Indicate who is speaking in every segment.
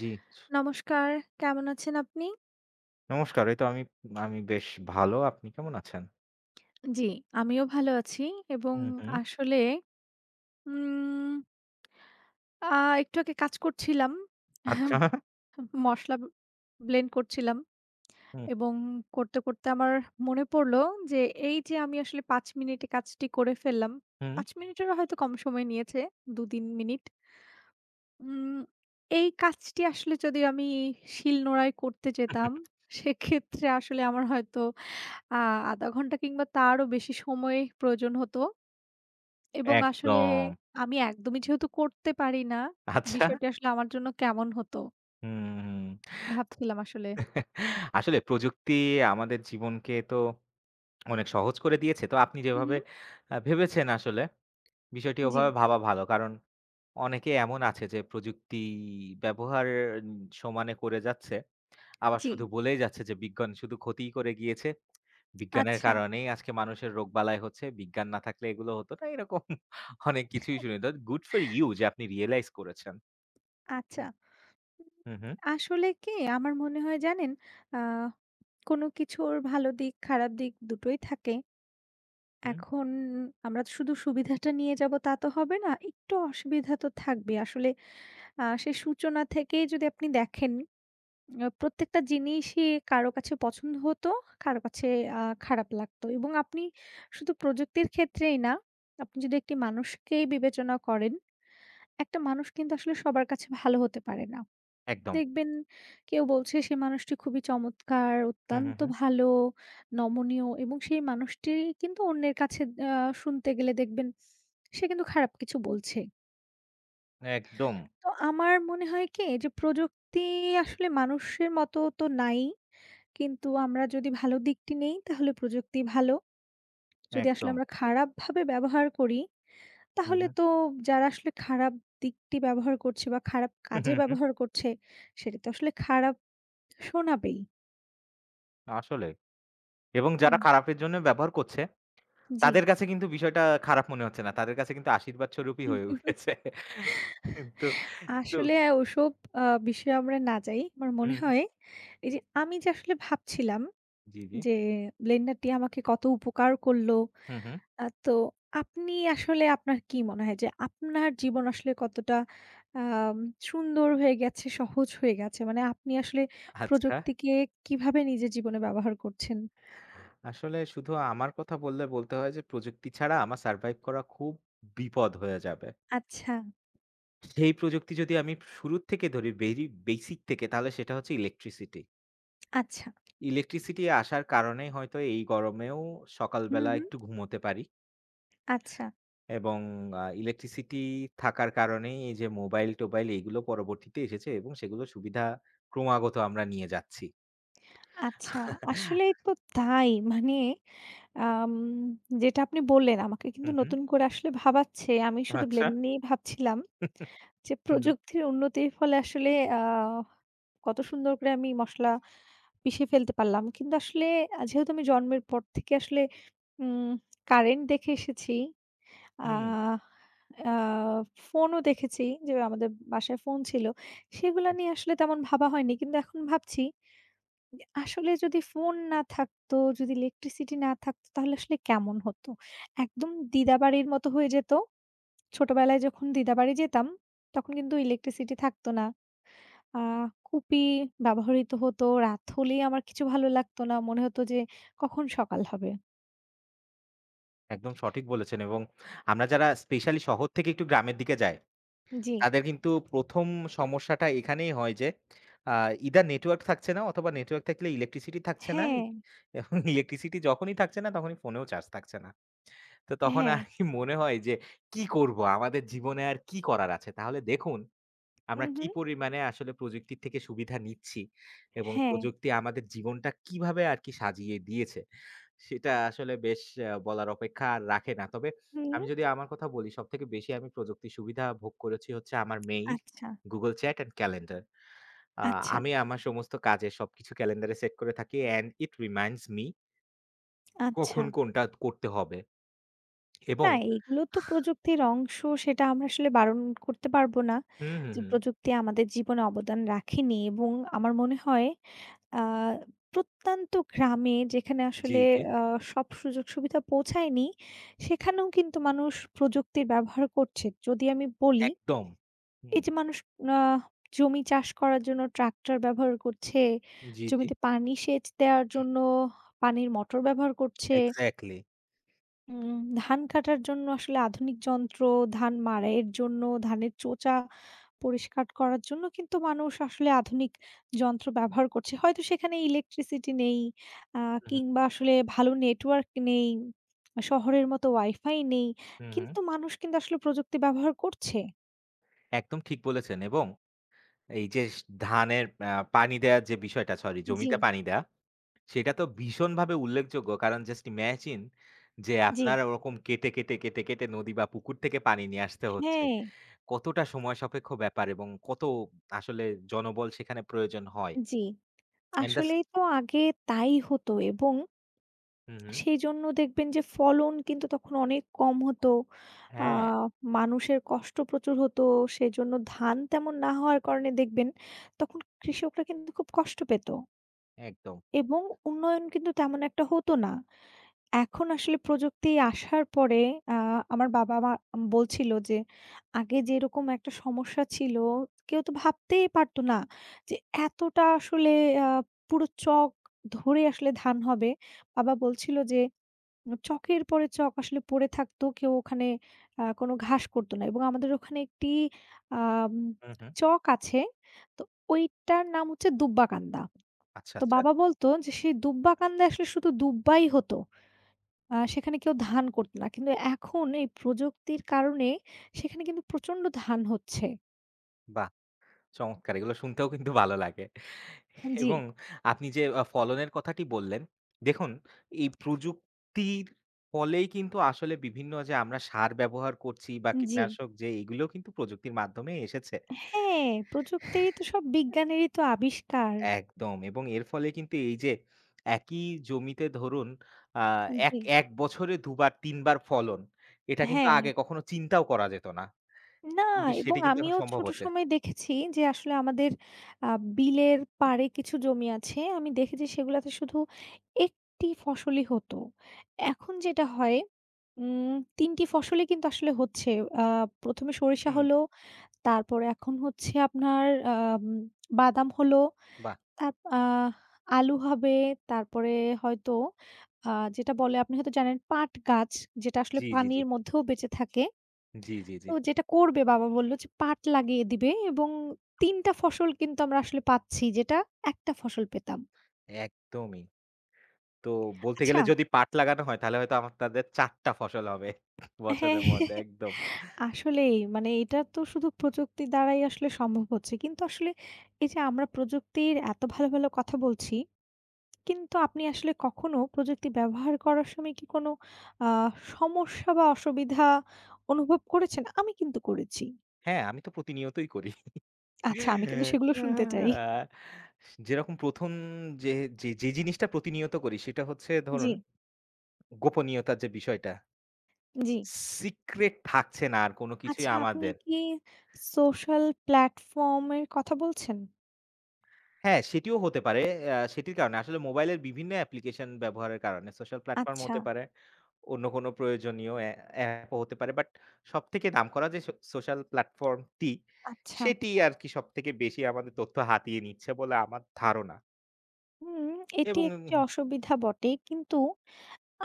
Speaker 1: জি।
Speaker 2: নমস্কার, কেমন আছেন আপনি?
Speaker 1: নমস্কার, এই তো আমি আমি বেশ ভালো। আপনি কেমন আছেন?
Speaker 2: জি, আমিও ভালো আছি এবং
Speaker 1: হুম, হুম।
Speaker 2: আসলে, উম আ একটু আগে কাজ করছিলাম।
Speaker 1: আচ্ছা।
Speaker 2: ম মসলা ব্লেন্ড করছিলাম
Speaker 1: হুম।
Speaker 2: এবং করতে, করতে আমার মনে পড়লো যে, এই যে আমি আসলে ৫ মিনিটে কাজটি করে ফেললাম।
Speaker 1: হুম।
Speaker 2: ৫ মিনিটেরও হয়তো কম সময় নিয়েছে। দু দিন মিনিট। উম এই কাজটি আসলে যদি আমি শিলনোড়ায় করতে যেতাম, সেক্ষেত্রে আসলে আমার হয়তো আ ১/২ ঘন্টা কিংবা তারও বেশি সময় প্রয়োজন হত। এবং আসলে
Speaker 1: একদম।
Speaker 2: আমি একদমই যেহেতু করতে পারি না,
Speaker 1: আচ্ছা।
Speaker 2: বিষয়টি আসলে আমার জন্য কেমন হতো?
Speaker 1: হুম।
Speaker 2: ভাবছিলাম আসলে।
Speaker 1: আসলে প্রযুক্তি আমাদের জীবনকে তো অনেক সহজ করে দিয়েছে। তো আপনি
Speaker 2: হু,
Speaker 1: যেভাবে
Speaker 2: হু।
Speaker 1: আ ভেবেছেন আসলে, বিষয়টি
Speaker 2: জি।
Speaker 1: ওভাবে ভাবা ভালো, কারণ অনেকে এমন আছে যে, প্রযুক্তি ব্যবহার সমানে করে যাচ্ছে। আবার শুধু
Speaker 2: জি।
Speaker 1: বলেই যাচ্ছে যে, "বিজ্ঞান শুধু ক্ষতিই করে গিয়েছে। বিজ্ঞানের
Speaker 2: আচ্ছা।
Speaker 1: কারণেই আজকে মানুষের রোগ-বালাই হচ্ছে। বিজ্ঞান না থাকলে এগুলো হতো না।" এরকম অনেক কিছুই শুনি। তো good for you যে, আপনি রিয়েলাইজ করেছেন।
Speaker 2: আচ্ছা।
Speaker 1: হুম।
Speaker 2: উম
Speaker 1: হুম, হুম।
Speaker 2: আসলে কি? আমার মনে হয় জানেন, অ্যা কোনো কিছুর ভালো দিক, খারাপ দিক ২ টোই থাকে।
Speaker 1: হুম।
Speaker 2: এখন আমরা শুধু সুবিধাটা নিয়ে যাব তা, তো হবে না। একটু অসুবিধা তো থাকবেই। আসলে আ সেই সূচনা থেকেই যদি আপনি দেখেন, আ প্রত্যেকটা জিনিসই কারো কাছে পছন্দ হত, কারো কাছে আ খারাপ লাগতো এবং আপনি শুধু প্রযুক্তির ক্ষেত্রেই না। আপনি যদি ১ টি মানুষকেই বিবেচনা করেন, ১ টা মানুষ কিন্তু আসলে সবার কাছে ভালো হতে পারে না।
Speaker 1: একদম।
Speaker 2: দেখবেন, কেউ বলছে সেই মানুষটি খুবই চমৎকার,
Speaker 1: হুম, হুম,
Speaker 2: অত্যন্ত
Speaker 1: হুম।
Speaker 2: ভালো, নমনীয় এবং সেই মানুষটিই কিন্তু অন্যের কাছে আ শুনতে গেলে দেখবেন, সে কিন্তু খারাপ কিছু বলছে।
Speaker 1: একদম।
Speaker 2: তো আমার মনে হয় কি এইযে প্রযুক্তি আসলে মানুষের মতো তো নাই। কিন্তু আমরা যদি ভালো দিকটি নেই, তাহলে প্রযুক্তি ভালো। যদি আসলে
Speaker 1: একদম।
Speaker 2: আমরা খারাপভাবে ব্যবহার করি,
Speaker 1: হু,
Speaker 2: তাহলে
Speaker 1: হু।
Speaker 2: তো যারা আসলে খারাপ দিকটি ব্যবহার করছে বা খারাপ
Speaker 1: হু, হু,
Speaker 2: কাজে
Speaker 1: হু।
Speaker 2: ব্যবহার করছে, সেটি তো আসলে খারাপ শোনাবেই।
Speaker 1: আসলে। এবং যারা
Speaker 2: হুম।
Speaker 1: খারাপের জন্য ব্যবহার করছে,
Speaker 2: জি।
Speaker 1: তাদের কাছে কিন্তু বিষয়টা খারাপ মনে হচ্ছে না। তাদের কাছে কিন্তু আশীর্বাদস্বরূপই হয়ে উঠেছে। কিন্তু তু
Speaker 2: আসলে ওসব আ বিষয়ে আমরা না যাই। আমার মনে
Speaker 1: হুম।
Speaker 2: হয়, এইযে আমি যে আসলে ভাবছিলাম
Speaker 1: জি, জি।
Speaker 2: যে, ব্লেন্ডারটি আমাকে কত উপকার করলো।
Speaker 1: হুম, হুম।
Speaker 2: আ তো আপনি আসলে আপনার কি মনে হয় যে, আপনার জীবন আসলে কতটা আ সুন্দর হয়ে গেছে, সহজ হয়ে গেছে? মানে আপনি আসলে
Speaker 1: আচ্ছা।
Speaker 2: প্রযুক্তিকে কীভাবে নিজের জীবনে ব্যবহার করছেন?
Speaker 1: আসলে শুধু আমার কথা বললে বলতে হয়, যে প্রযুক্তি ছাড়া আমার survive করা খুব বিপদ হয়ে যাবে।
Speaker 2: আচ্ছা।
Speaker 1: সেই প্রযুক্তি যদি আমি শুরুর থেকে ধরি বেরি বেসিক থেকে, তাহলে সেটা হচ্ছে ইলেকট্রিসিটি।
Speaker 2: আচ্ছা।
Speaker 1: ইলেকট্রিসিটি আসার কারণে হয়তো এই গরমেও সকাল
Speaker 2: হু,
Speaker 1: বেলা
Speaker 2: হু।
Speaker 1: একটু ঘুমোতে পারি।
Speaker 2: আচ্ছা।
Speaker 1: এবং আ ইলেকট্রিসিটি থাকার কারণেই, এইযে মোবাইল-টোবাইল এগুলো পরবর্তীতে এসেছে এবং সেগুলো সুবিধা ক্রমাগত আমরা নিয়ে যাচ্ছি।
Speaker 2: আচ্ছা, আসলেই তো তাই। মানে আম যেটা আপনি বললেন, আমাকে
Speaker 1: হু,
Speaker 2: কিন্তু
Speaker 1: হু।
Speaker 2: নতুন করে আসলে ভাবাচ্ছে। আমি শুধু
Speaker 1: আচ্ছা।
Speaker 2: ব্লেন্ড নিয়েই ভাবছিলাম। যে
Speaker 1: হুম।
Speaker 2: প্রযুক্তির উন্নতির ফলে আসলে আহ কত সুন্দর করে আমি মসলা পিষে ফেলতে পারলাম। কিন্তু আসলে আ যেহেতু আমি জন্মের পর থেকে আসলে উম কারেন্ট দেখে এসেছি।
Speaker 1: হুম।
Speaker 2: আহ আহ ফোনও দেখেছি। যে আমাদের বাসায় ফোন ছিল। সেগুলা নিয়ে আসলে তেমন ভাবা হয়নি। কিন্তু এখন ভাবছি। ইয়া আসলে যদি ফোন না থাকতো, যদি ইলেকট্রিসিটি না থাকতো, তাহলে আসলে কেমন হতো? একদম দিদাবাড়ির মতো হয়ে যেত। ছোটোবেলায় যখন দিদাবাড়ি যেতাম, তখন কিন্তু ইলেকট্রিসিটি থাকতো না। আ কুপি ব্যবহৃত হতো। রাত হলেই আমার কিছু ভালো লাগতো না। মনে হতো যে, "কখন সকাল হবে?"
Speaker 1: একদম সঠিক বলেছেন এবং আমরা যারা স্পেশালি শহর থেকে একটু গ্রামের দিকে যাই,
Speaker 2: জি।
Speaker 1: তাদের কিন্তু ১ম সমস্যাটা এখানেই হয় যে, আ ইদার নেটওয়র্ক থাকছে না অথবা নেটওয়ার্ক থাকলে ইলেকট্রিসিটি থাকছে না।
Speaker 2: হ্যাঁ।
Speaker 1: এবং ইলেকট্রিসিটি যখনই থাকছে না, তখনই ফোনেও চার্জ থাকছে না। তো তখন
Speaker 2: হ্যাঁ।
Speaker 1: আরকি মনে হয় যে, "কি করবো, আমাদের জীবনে আর কি করার আছে?" তাহলে দেখুন, আমরা
Speaker 2: হুম,
Speaker 1: কি
Speaker 2: হুম।
Speaker 1: পরিমাণে আসলে প্রযুক্তির থেকে সুবিধা নিচ্ছি এবং
Speaker 2: হ্যাঁ।
Speaker 1: প্রযুক্তি আমাদের জীবনটা কীভাবে আরকি সাজিয়ে দিয়েছে, সেটা আসলে বেশ এ্যা বলার অপেক্ষা আর রাখে না। তবে আমি
Speaker 2: হুম।
Speaker 1: যদি আমার কথা বলি, সবথেকে বেশি আমি প্রযুক্তির সুবিধা ভোগ করেছি হচ্ছে আমার মেইল,
Speaker 2: আচ্ছা।
Speaker 1: Google Chat and calendar. আ
Speaker 2: আচ্ছা।
Speaker 1: আমি আমার সমস্ত কাজে, সবকিছু ক্যালেন্ডারে সেট করে থাকি and it reminds me। কখন
Speaker 2: আচ্ছা।
Speaker 1: কোনটা করতে হবে
Speaker 2: না,
Speaker 1: এবং
Speaker 2: এগুলো তো প্রযুক্তির অংশ। সেটা আমরা আসলে বারণ করতে পারবো না,
Speaker 1: হুম, হুম,
Speaker 2: যে
Speaker 1: হুম।
Speaker 2: প্রযুক্তি আমাদের জীবনে অবদান রাখেনি এবং আমার মনে হয়, আ প্রত্যন্ত গ্রামে, যেখানে
Speaker 1: জি,
Speaker 2: আসলে
Speaker 1: জি।
Speaker 2: আ সব সুযোগ-সুবিধা পৌঁছায়নি, সেখানেও কিন্তু মানুষ প্রযুক্তির ব্যবহার করছে। যদি আমি বলি,
Speaker 1: একদম।
Speaker 2: এই
Speaker 1: হুম।
Speaker 2: যে মানুষ আ জমি চাষ করার জন্য ট্রাক্টর ব্যবহার করছে,
Speaker 1: জি, জি।
Speaker 2: জমিতে পানি সেচ দেওয়ার জন্য পানির মোটর ব্যবহার করছে।
Speaker 1: এক্সাক্টলি।
Speaker 2: উম ধান কাটার জন্য আসলে আধুনিক যন্ত্র, ধান মাড়াইয়ের জন্য, ধানের চোচা পরিষ্কার করার জন্য কিন্তু মানুষ আসলে আধুনিক যন্ত্র ব্যবহার করছে, হয়তো সেখানে ইলেকট্রিসিটি নেই আ
Speaker 1: উহু।
Speaker 2: কিংবা আসলে ভালো নেটওয়ার্ক নেই, শহরের মতো ওয়াইফাই নেই
Speaker 1: হুম, হুম।
Speaker 2: কিন্তু মানুষ কিন্তু আসলে প্রযুক্তি ব্যবহার করছে।
Speaker 1: একদম ঠিক বলেছেন। এবং এই যেস ধানের আ পানি দেয়ার যে বিষয়টা, সরি
Speaker 2: জ্বি।
Speaker 1: জমিতে পানি দেয়া, সেটা তো ভীষণভাবে উল্লেখযোগ্য। কারণ, just imagine যে,
Speaker 2: জ্বি।
Speaker 1: আপনার ওরকম কেটে, কেটে, কেটে, কেটে নদী বা পুকুর থেকে পানি নিয়ে আসতে হচ্ছে।
Speaker 2: হ্যাঁ।
Speaker 1: কতটা সময় সাপেক্ষ ব্যাপার এবং কত আসলে জনবল সেখানে প্রয়োজন হয়।
Speaker 2: জ্বি,
Speaker 1: অ্যান্ড দাছ
Speaker 2: আসলেই তো আগে তাই হতো এবং
Speaker 1: হুম, হুম।
Speaker 2: সেইজন্য দেখবেন যে ফলন কিন্তু তখন অনেক কম হতো, আ
Speaker 1: হ্যাঁ।
Speaker 2: মানুষের কষ্ট প্রচুর হতো। সেইজন্য ধান তেমন না হওয়ার কারণে দেখবেন তখন কৃষকরা কিন্তু খুব কষ্ট পেত।
Speaker 1: একদম।
Speaker 2: এবং উন্নয়ন কিন্তু তেমন একটা হতো না। এখন আসলে প্রযুক্তি আসার পরে আ আমার বাবা-মা আম বলছিল যে, "আগে যেরকম একটা সমস্যা ছিল, কেউ তো ভাবতেই পারতো না, যে, এতটা আসলে আ পুরো চক ধরে আসলে ধান হবে।" বাবা বলছিল যে, উ "চকের পরে চক আসলে পড়ে থাকতো, কেউ ওখানে আ কোনো ঘাস করতো না।" এবং আমাদের ওখানে একটি আম
Speaker 1: হু, হু।
Speaker 2: চক আছে। তো ওইটার নাম হচ্ছে 'দুব্বাকান্দা।'
Speaker 1: আচ্ছা,
Speaker 2: তো
Speaker 1: আচ্ছা।
Speaker 2: বাবা বলতো যে, "সে দুব্বাকান্দায় আসলে শুধু দুব্বাই হতো। আ সেখানে কেউ ধান করতো না।" কিন্তু এখন এই প্রযুক্তির কারণে, সেখানে কিন্তু প্রচণ্ড ধান হচ্ছে।
Speaker 1: বাহ! চমৎকার। এগুলো শুনতেও কিন্তু ভালো লাগে
Speaker 2: আম জি।
Speaker 1: এবং আপনি যে আ ফলনের কথাটি বললেন, দেখুন এই প্রযুক্তির ফলেই কিন্তু আসলে বিভিন্ন যে আমরা সার ব্যবহার করছি বা
Speaker 2: জি।
Speaker 1: কীটনাশক যেই এগুলো কিন্তু প্রযুক্তির মাধ্যমে এসেছে।
Speaker 2: হ্যাঁ, প্রযুক্তিরই তো সব বিজ্ঞানেরই তো আবিষ্কার।
Speaker 1: একদম এবং এর ফলে কিন্তু এইযে একই জমিতে ধরুন আ
Speaker 2: আ
Speaker 1: এক
Speaker 2: জি।
Speaker 1: ১ বছরে ২ বার, ৩ বার ফলন, এটা কিন্তু
Speaker 2: হ্যাঁ।
Speaker 1: আগে কখনো চিন্তাও করা যেত না।
Speaker 2: না
Speaker 1: কিন্তু
Speaker 2: এবং
Speaker 1: সেটি কিন্তু এখন
Speaker 2: আমিও
Speaker 1: সম্ভব
Speaker 2: ছোট
Speaker 1: হচ্ছে।
Speaker 2: সময়ে দেখেছি যে, আসলে আমাদের আ বিলের পাড়ে কিছু জমি আছে। আমি দেখেছি সেগুলাতে শুধু একটি ফসলই হতো। এখন যেটা হয় উম ৩ টি ফসলই কিন্তু আসলে হচ্ছে। আ ১ম এ সরিষা
Speaker 1: হুম।
Speaker 2: হলো, তারপরে এখন হচ্ছে আপনার অম বাদাম হলো,
Speaker 1: বাহ!
Speaker 2: তাপ আ আলু হবে। তারপরে হয়তো আ যেটা বলে আপনি হয়তো জানেন, পাট গাছ, যেটা আসলে
Speaker 1: জি, জি, জি।
Speaker 2: পানির মধ্যেও বেঁচে থাকে।
Speaker 1: জি, জি, জি।
Speaker 2: তো যেটা করবে বাবা বললো যে, "পাট লাগিয়ে দিবে" এবং ৩ টা ফসল কিন্তু আমরা আসলে পাচ্ছি, যেটা ১ টা ফসল পেতাম।
Speaker 1: একদমই। তো বলতে গেলে
Speaker 2: আচ্ছা।
Speaker 1: যদি পাট লাগানো হয়, তাহলে হয়তো আপনাদের ৪ টা ফসল হবে
Speaker 2: হ্যাঁ।
Speaker 1: বছরের মধ্যে। একদম।
Speaker 2: আসলেই, মানে এটা তো শুধু প্রযুক্তির দ্বারাই আসলে সম্ভব হচ্ছে। কিন্তু আসলে এইযে আমরা প্রযুক্তির এত ভালো, ভালো কথা বলছি। কিন্তু আপনি আসলে কখনো প্রযুক্তি ব্যবহার করার সময় কি কোনো আ সমস্যা বা, অসুবিধা অনুভব করেছেন? আমি কিন্তু করেছি।
Speaker 1: হ্যাঁ, আমি তো প্রতিনিয়তই করি।
Speaker 2: আচ্ছা, আমি কিন্তু সেগুলো শুনতে চাই।
Speaker 1: যেরকম ১ম যে যে যে জিনিসটা প্রতিনিয়ত করি, সেটা হচ্ছে ধরুন,
Speaker 2: জি।
Speaker 1: গোপনীয়তার যে বিষয়টা।
Speaker 2: জি।
Speaker 1: সিক্রেট থাকছে না আর কোন কিছুই
Speaker 2: আচ্ছা, আপনি
Speaker 1: আমাদের।
Speaker 2: কি সোশ্যাল প্লাটফর্মের কথা বলছেন?
Speaker 1: হ্যাঁ, সেটিও হতে পারে। আ সেটির কারণে, আসলে মোবাইলের বিভিন্ন অ্যাপ্লিকেশন ব্যবহারের কারণে সোশ্যাল প্ল্যাটফর্মও হতে
Speaker 2: আচ্ছা।
Speaker 1: পারে। অন্য কোন প্রয়োজনীয় অ্যা অ্যাপও হতে পারে। বাট সবথেকে নাম করা যে সো সোশ্যাল প্ল্যাটফর্মটি,
Speaker 2: আচ্ছা।
Speaker 1: সেটি আরকি সবথেকে বেশি আমাদের তথ্য হাতিয়ে নিচ্ছে বলে আমার ধারণা।
Speaker 2: হুম এটি
Speaker 1: এবং,
Speaker 2: একটি
Speaker 1: এবং
Speaker 2: অসুবিধা বটে। কিন্তু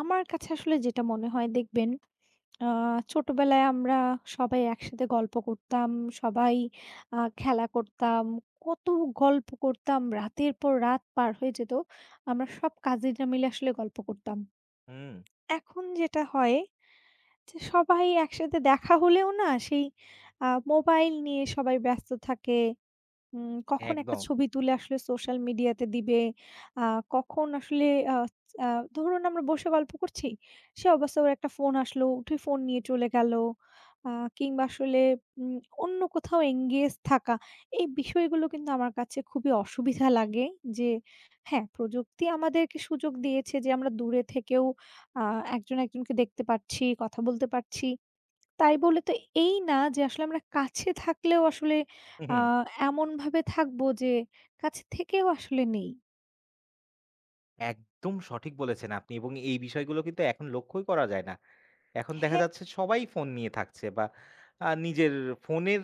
Speaker 2: আমার কাছে আসলে যেটা মনে হয় দেখবেন, আ ছোটোবেলায় আমরা সবাই একসাথে গল্প করতাম, সবাই আ খেলা করতাম, কত গল্প করতাম রাতের পর রাত পার হয়ে যেত, আমরা সব কাজিনরা মিলে আসলে গল্প করতাম।
Speaker 1: হুম।
Speaker 2: এখন যেটা হয়, যে সবাই একসাথে দেখা হলেও না, সেই আ মোবাইল নিয়ে সবাই ব্যস্ত থাকে। উম কখন একটা
Speaker 1: একদম।
Speaker 2: ছবি তুলে আসলে সোশ্যাল মিডিয়াতে দিবে, আ কখন আসলে আচ আ ধরুন, আমরা বসে গল্প করছি, সেই অবস্থায় ওর একটা ফোন আসলো, উঠে ফোন নিয়ে চলে গেলো। আ কিংবা আসলে উম অন্য কোথাও engage থাকা। এই বিষয়গুলো কিন্তু আমার কাছে খুবই অসুবিধা লাগে যে, হ্যাঁ, প্রযুক্তি আমাদেরকে সুযোগ দিয়েছে যে আমরা দূরে থেকেও আ একজন-একজনকে দেখতে পারছি, কথা বলতে পারছি। তাই বলে তো এই না যে, আসলে আমরা কাছে থাকলেও আসলে
Speaker 1: হু,
Speaker 2: আ
Speaker 1: হু।
Speaker 2: এমনভাবে থাকবো, যে কাছে থেকেও আসলে নেই।
Speaker 1: একদম সঠিক বলেছেন আপনি। এবং এই বিষয়গুলো কিন্তু এখন লক্ষ্যই করা যায় না। এখন দেখা
Speaker 2: হ্যাঁ।
Speaker 1: যাচ্ছে সবাই ফোন নিয়ে থাকছে বা আ নিজের, ফোনের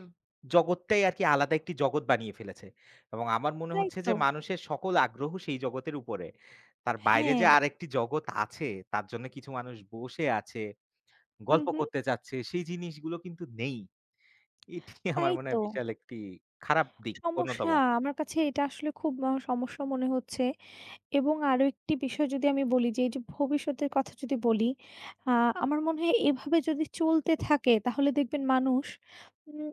Speaker 1: জগতটাই আরকি আলাদা একটি জগৎ বানিয়ে ফেলেছে। এবং আমার মনে
Speaker 2: তাই
Speaker 1: হচ্ছে যে,
Speaker 2: তো।
Speaker 1: মানুষের সকল আগ্রহ সেই জগতের উপরে। তার বাইরে যে
Speaker 2: হ্যাঁ।
Speaker 1: আরেকটি জগৎ আছে, তার জন্যে কিছু মানুষ বসে আছে,
Speaker 2: হুম,
Speaker 1: গল্প
Speaker 2: হুম।
Speaker 1: করতে চাচ্ছে, সেই জিনিসগুলো কিন্তু নেই। এটি আমার
Speaker 2: তাই
Speaker 1: মনে
Speaker 2: তো।
Speaker 1: হয় বিশাল একটি খারাপ দিক,
Speaker 2: সমস্যা
Speaker 1: অন্যতম।
Speaker 2: আমার কাছে এটা আসলে খুব বড় সমস্যা মনে হচ্ছে। এবং আরো একটি বিষয় যদি আমি বলি যে, এই যে ভবিষ্যতের কথা যদি বলি, আ আমার মনে হয় এভাবে যদি চলতে থাকে, তাহলে দেখবেন মানুষ উম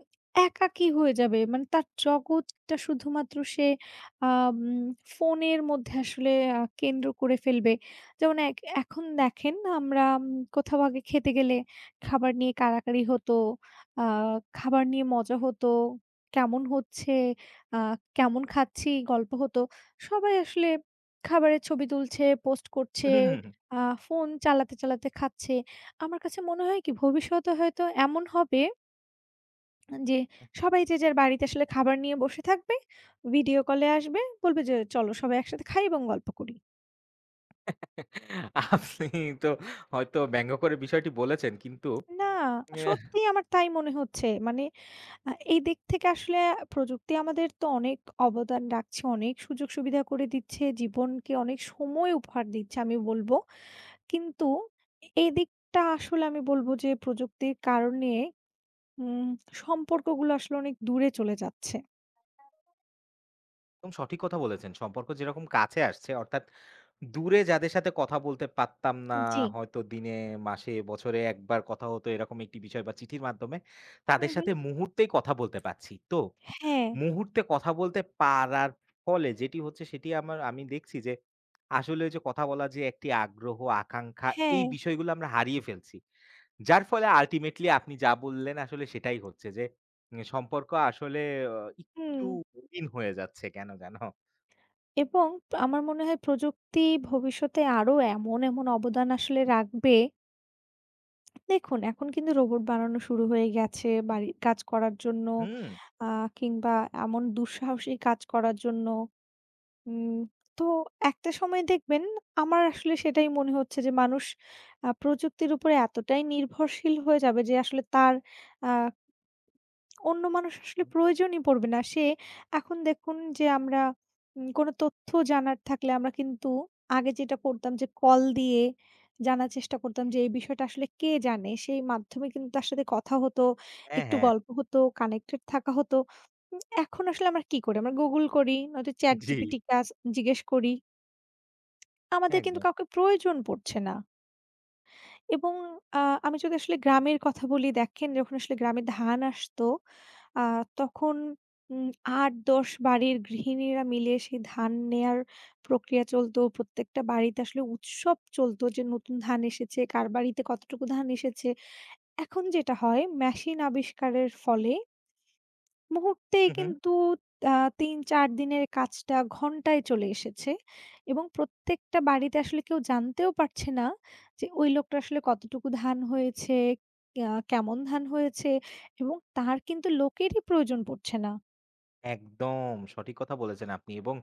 Speaker 2: একাকী হয়ে যাবে। মানে তার জগৎটা শুধুমাত্র সে আ উম ফোনের মধ্যে আসলে আ কেন্দ্র করে ফেলবে। যেমন এক এখন দেখেন, আমরা উম কোথাও আগে খেতে গেলে, খাবার নিয়ে কাড়াকাড়ি হতো, আ খাবার নিয়ে মজা হতো, কেমন হচ্ছে, আ কেমন খাচ্ছি, গল্প হতো, সবাই আসলে খাবারের ছবি তুলছে, পোস্ট
Speaker 1: উহু
Speaker 2: করছে,
Speaker 1: হুম, হুম।
Speaker 2: আ ফোন চালাতে, চালাতে খাচ্ছে। আমার কাছে মনে হয় কি, ভবিষ্যতে হয়তো এমন হবে আন জে সবাই যে যার বাড়িতে আসলে খাবার নিয়ে বসে থাকবে, ভিডিও কল এ আসবে, বলবে যে, "চলো সবাই একসাথে খাই এবং গল্প করি।"
Speaker 1: আপনি তো হয়তো ব্যঙ্গ করে বিষয়টি বলেছেন কিন্তু
Speaker 2: না!
Speaker 1: অ্যাহ
Speaker 2: সত্যিই আমার তাই মনে হচ্ছে। মানে আ এই দিক থেকে আসলে প্রযুক্তি আমাদের তো অনেক অবদান রাখছে, অনেক সুযোগ-সুবিধা করে দিচ্ছে, জীবনকে অনেক সময় উপহার দিচ্ছে, আমি বলবো। কিন্তু এ এদিকটা আসলে আমি বলবো যে, প্রযুক্তির কারণে উম সম্পর্কগুলা আসলে অনেক দূরে চলে যাচ্ছে।
Speaker 1: একদম সঠিক কথা বলেছেন। সম্পর্ক যেরকম কাছে আসছে অর্থাৎ দূরে যাদের সাথে কথা বলতে পারতাম না,
Speaker 2: উম জ্বি।
Speaker 1: হয়তো দিনে, মাসে, বছরে ১ বার কথা হতো এরকম একটি বিষয় বা চিঠির মাধ্যমে, তাদের
Speaker 2: হুম, হুম।
Speaker 1: সাথে মুহূর্তেই কথা বলতে পারছি। তো,
Speaker 2: হ্যাঁ।
Speaker 1: মুহূর্তে কথা বলতে পারার ফলে যেটি হচ্ছে, সেটি আমার আমি দেখছি যে, আসলে ঐযে কথা বলার যে একটি আগ্রহ, আকাঙ্খা এই
Speaker 2: হ্যাঁ।
Speaker 1: বিষয়গুলো আমরা হারিয়ে ফেলছি। যার ফলে ultimately আপনি যা বললেন, আসলে সেটাই হচ্ছে, যে নে সম্পর্ক আসলে অ একটু
Speaker 2: হুম।
Speaker 1: কঠিন হয়ে যাচ্ছে কেন যেনো।
Speaker 2: এবং প আমার মনে হয় প্রযুক্তি ভবিষ্যতে আরো এমন, এমন অবদান আসলে রাখবে দেখুন, এখন কিন্তু রোবট বানানো শুরু হয়ে গেছে বাড়ির কাজ করার জন্য
Speaker 1: হুম।
Speaker 2: আ কিংবা এমন দুঃসাহসী কাজ করার জন্য। উম তো, একটা সময় দেখবেন, আমার আসলে সেটাই মনে হচ্ছে যে, মানুষ আ প্রযুক্তির উপরে এতটাই নির্ভরশীল হয়ে যাবে, যে আসলে তার আ অন্য মানুষ আসলে
Speaker 1: হু।
Speaker 2: প্রয়োজনই পড়বে না। সে এখন দেখুন যে, আমরা উম কোনো তথ্য জানার থাকলে, আমরা কিন্তু আগে যেটা করতাম যে, কল দিয়ে জানার চেষ্টা করতাম যে এই বিষয়টা আসলে কে জানে? সেই মাধ্যমে কিন্তু তার সাথে কথা হতো,
Speaker 1: হ্যাঁ,
Speaker 2: একটু
Speaker 1: হ্যাঁ।
Speaker 2: গল্প হতো, কানেক্টেড থাকা হতো। উম এখন আসলে আমরা কি করি? আমরা Google করি, নয়তো ChatGPT
Speaker 1: জি।
Speaker 2: কে আস জিজ্ঞেস করি। আমাদের কিন্তু
Speaker 1: একদম।
Speaker 2: কাউকে প্রয়োজন পড়ছে না। এবং আ আমি যদি আসলে গ্রামের কথা বলি, দেখেন, যখন আসলে গ্রামে ধান আসতো, আ তখন উম ৮, ১০ বাড়ির গৃহিণীরা মিলে সে ধান নেয়ার প্রক্রিয়া চলতো। প্রত্যেকটা বাড়িতে আসলে উৎসব চলতো যে, নতুন ধান এসেছে, কার বাড়িতে কতটুকু ধান এসেছে। এখন যেটা হয় মেশিন আবিষ্কারের ফলে মুহূর্তেই
Speaker 1: হু, হু।
Speaker 2: কিন্তু তা ৩-৪ দিনের কাজটা, ঘণ্টায় চলে এসেছে এবং প্রত্যেকটা বাড়িতে আসলে কেউ জানতেও পারছে না, যে ওই লোকটার আসলে কতটুকু ধান হয়েছে, এয়া কেমন ধান হয়েছে এবং তার কিন্তু লোকেরই প্রয়োজন পড়ছে না।
Speaker 1: একদম, সঠিক কথা বলেছেন আপনি। এবং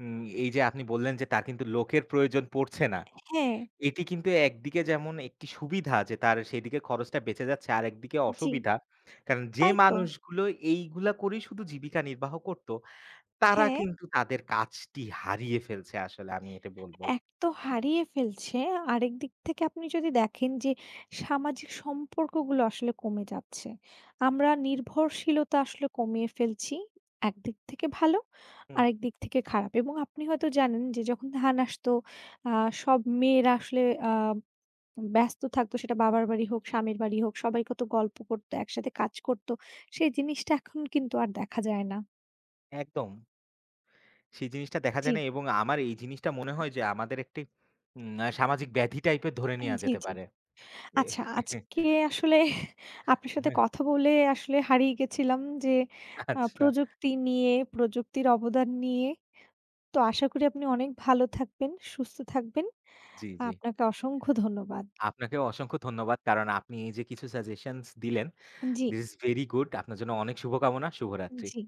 Speaker 1: উম এই যে আপনি বললেন যে, তার কিন্তু লোকের প্রয়োজন পড়ছে না।
Speaker 2: হ্যাঁ।
Speaker 1: এটি কিন্তু একদিকে যেমন একটি সুবিধা আছে ,তার সেদিকে খরচটা বেঁচে যাচ্ছে আর একদিকে
Speaker 2: জি।
Speaker 1: অসুবিধা। কারণ যে
Speaker 2: তাই তো।
Speaker 1: মানুষগুলো এইগুলা করেই শুধু জীবিকা নির্বাহ করত, তারা
Speaker 2: হ্যাঁ।
Speaker 1: কিন্তু তাদের কাজটি হারিয়ে ফেলছে আসলে আমি এটি বলব।
Speaker 2: এক তো হারিয়ে ফেলছে। আরেক দিক থেকে আপনি যদি দেখেন, যে সামাজিক সম্পর্কগুলো আসলে কমে যাচ্ছে। আমরা নির্ভরশীলতা আসলে কমিয়ে ফেলছি। এক দিক থেকে ভালো,
Speaker 1: হুম।
Speaker 2: আরেক দিক থেকে খারাপ। এবং আপনি হয়তো জানেন যে, যখন ধান আসত, আ সব মেয়েরা আসলে আ উম ব্যস্ত থাকত, সেটা বাবার বাড়ি হোক, স্বামীর বাড়ি হোক। সবাই কত গল্প করতো, একসাথে কাজ করতো। সেই জিনিসটা এখন কিন্তু আর দেখা যায় না।
Speaker 1: একদম। সেই জিনিসটা দেখা যায় না
Speaker 2: জি।
Speaker 1: এবং আমার এই জিনিসটা মনে হয়, যে আমাদের একটি উম অ্যা সামাজিক ব্যাধি টাইপের ধরে
Speaker 2: আ
Speaker 1: নেওয়া
Speaker 2: জি,
Speaker 1: যেতে
Speaker 2: জি।
Speaker 1: পারে।
Speaker 2: আচ্ছা আজকে আসলে আপনার সাথে
Speaker 1: হ্যাঁ।
Speaker 2: কথা বলে আসলে হারিয়ে গেছিলাম যে, আ
Speaker 1: আচ্ছা।
Speaker 2: প্রযুক্তি নিয়ে, প্রযুক্তির অবদান নিয়ে। তো আশা করি আপনি অনেক ভালো থাকবেন, সুস্থ থাকবেন।
Speaker 1: জি, জি।
Speaker 2: আপনাকে অসংখ্য ধন্যবাদ।
Speaker 1: আপনাকেও অসংখ্য ধন্যবাদ। কারণ আপনি এই যে কিছু সাজেশনস দিলেন,
Speaker 2: জি।
Speaker 1: this is very good। আপনার জন্য অনেক শুভকামনা। শুভরাত্রি।
Speaker 2: জি।